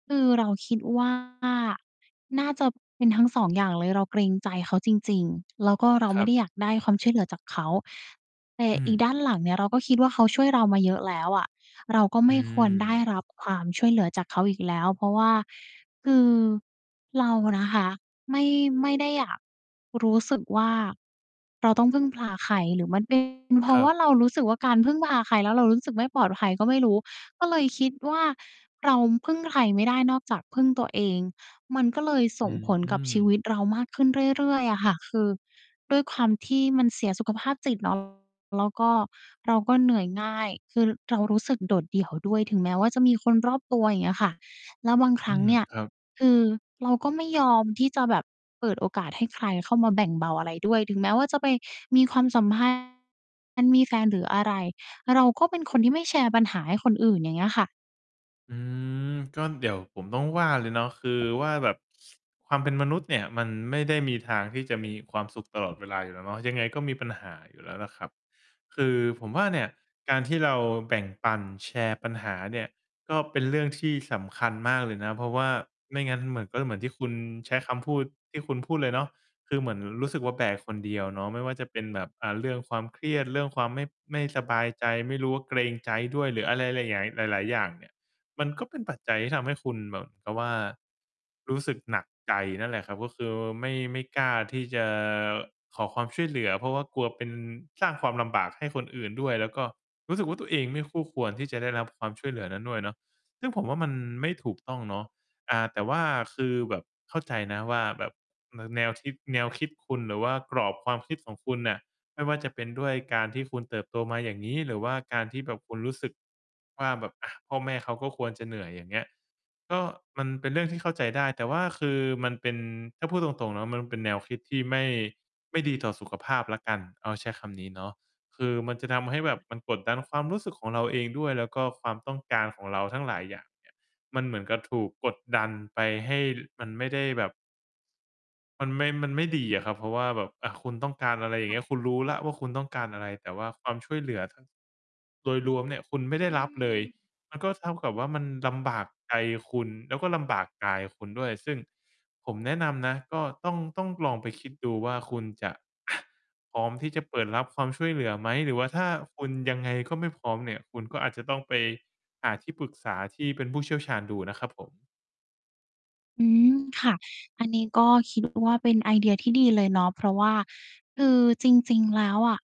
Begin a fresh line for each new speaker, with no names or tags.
คือเราคิด ว่า น่าจะเป็นทั้ง 2 อย่างเลย เราเกรงใจเขาจริง ๆ แล้วก็เรา
ค
ไม
ร
่
ั
ได
บ
้อยากได้ความช่วยเหลือจากเขา แต่
อื
อี
ม
ด้านหลังเนี่ย เราก็คิดว่าเขาช่วยเรามาเยอะแล้วอะ เราก็
อ
ไม่ควรได้
ืม
รับความช่วยเหลือจากเขาอีกแล้ว เพราะว่า คือ เรานะคะ ไม่ ไม่ได้อยาก รู้สึกว่า เราต้องพึ่งพาใคร หรือมัน เป็น เพร
ค
า
ร
ะ
ั
ว่า
บ
เรารู้สึกว่าการพึ่งพาใคร แล้วเรารู้สึกไม่ปลอดภัยก็ไม่รู้ ก็เลยคิดว่า เราพึ่งใครไม่ได้นอกจากพึ่งตัวเอง มันก็เลยส
อ
่งผล
ื
กับชีว
ม
ิตเรามากขึ้นเรื่อย ๆ อะค่ะ คือด้วยความที่มันเสียสุขภาพจิต เนาะ แล้วก็เราก็เหนื่อยง่าย คือเรารู้สึกโดดเดี่ยวด้วย ถึงแม้ว่าจะมีคนรอบตัว อย่างเงี้ยค่ะ แล้วบางค
อ
ร
ื
ั้ง
ม
เนี่ย
ครับ
คือเราก็ไม่ยอมที่จะแบบเปิดโอกาสให้ใครเข้ามาแบ่งเบาอะไรด้วย ถึงแม้ว่าจะไปมีความสัม พันธ์ มีแฟนหรืออะไร เราก็เป็นคนที่ไม่แชร์ปัญหาให้คนอื่น อย่างเงี้ยค่ะ
อืม ก็เดี๋ยวผมต้องว่าเลยเนาะ คือ ว่าแบบ ความเป็นมนุษย์เนี่ย มันไม่ได้มีทางที่จะมีความสุขตลอดเวลาอยู่แล้วเนาะ ยังไงก็มีปัญหาอยู่แล้วล่ะครับ คือผมว่า เนี่ย การที่เราแบ่งปันแชร์ปัญหาเนี่ย ก็เป็นเรื่องที่สำคัญมากเลยนะ เพราะว่าไม่งั้นมันก็จะเหมือนที่คุณใช้คำพูด ที่คุณพูดเลยเนาะ คือเหมือนรู้สึกว่า แบกคนเดียวเนาะ ไม่ว่าจะเป็นแบบ อ่า เรื่องความเครียด เรื่องความไม่ ไม่สบายใจ ไม่รู้ว่าเกรงใจด้วยหรืออะไร หลายหงาย หลาย ๆ อย่างเนี่ย มันก็เป็นปัจจัยที่ทำให้คุณแบบกะว่า รู้สึกหนักใจนั่นแหละครับ ก็คือไม่ ไม่กล้าที่จะขอความช่วยเหลือ เพราะว่ากลัวเป็น สร้างความลำบากให้คนอื่นด้วย แล้วก็รู้สึกว่าตัวเองไม่คู่ควร ที่จะได้รับความช่วยเหลือนั้นด้วยเนาะ ซึ่งผมว่ามันไม่ถูกต้องเนาะ อา แต่ว่า คือแบบเข้าใจนะว่าแบบ น แนวคิด แนวคิดคุณ หรือว่ากรอบความคิดของคุณน่ะ ไม่ว่าจะเป็นด้วยการที่คุณเติบโตมาอย่างงี้ หรือว่าการที่แบบคุณรู้สึก ว่าแบบ อ่า พ่อแม่เขาก็ควรจะเหนื่อย อย่างเงี้ย ก็ มันเป็นเรื่องที่เข้าใจได้ แต่ว่าคือมันเป็น ถ้าพูดตรง ๆ เนาะ มันเป็นแนวคิดที่ไม่ ไม่ดีต่อสุขภาพแล้วกัน เอาใช้คำนี้เนาะ คือมันจะทำให้แบบ
ค่ะ
มันกดดันความรู้สึกของเราเองด้วย แล้วก็ความต้องการของเราทั้งหลายอย่าง เนี่ย มันเหมือนกับถูกกดดันไป ให้มันไม่ได้แบบ มันไม่ มันไม่ดีอะครับ เพราะว่าแบบ อ่า คุณต้องการอะไร อย่
ค
าง
่
เง
ะ
ี้ย คุณรู้แล้วว่า คุณต้องการอะไร แต่ว่าความช่วยเหลือ ถ้า โดยรวมเนี่ย คุณไม่ได้
อื
รับเลย
ม
มันก็เท่ากับว่ามันลำบากใจคุณ แล้วก็ลำบากกายคุณด้วย ซึ่งผมแนะนำนะ ก็ต้อง ต้องลองไปคิดดูว่า คุณจะ พร้อมที่จะเปิดรับความช่วยเหลือไหม หรือว่าถ้าคุณยังไงก็ไม่พร้อมเนี่ย คุณก็อาจจะต้องไปหาที่ปรึกษาที่เป็นผู้เชี่ยวชาญดูอะนะครับผม
อืม ค่ะ อันนี้ก็ คิดว่า เป็นไอเดียที่ดีเลยเนาะ เพราะว่าคือจริง ๆ แล้วอะ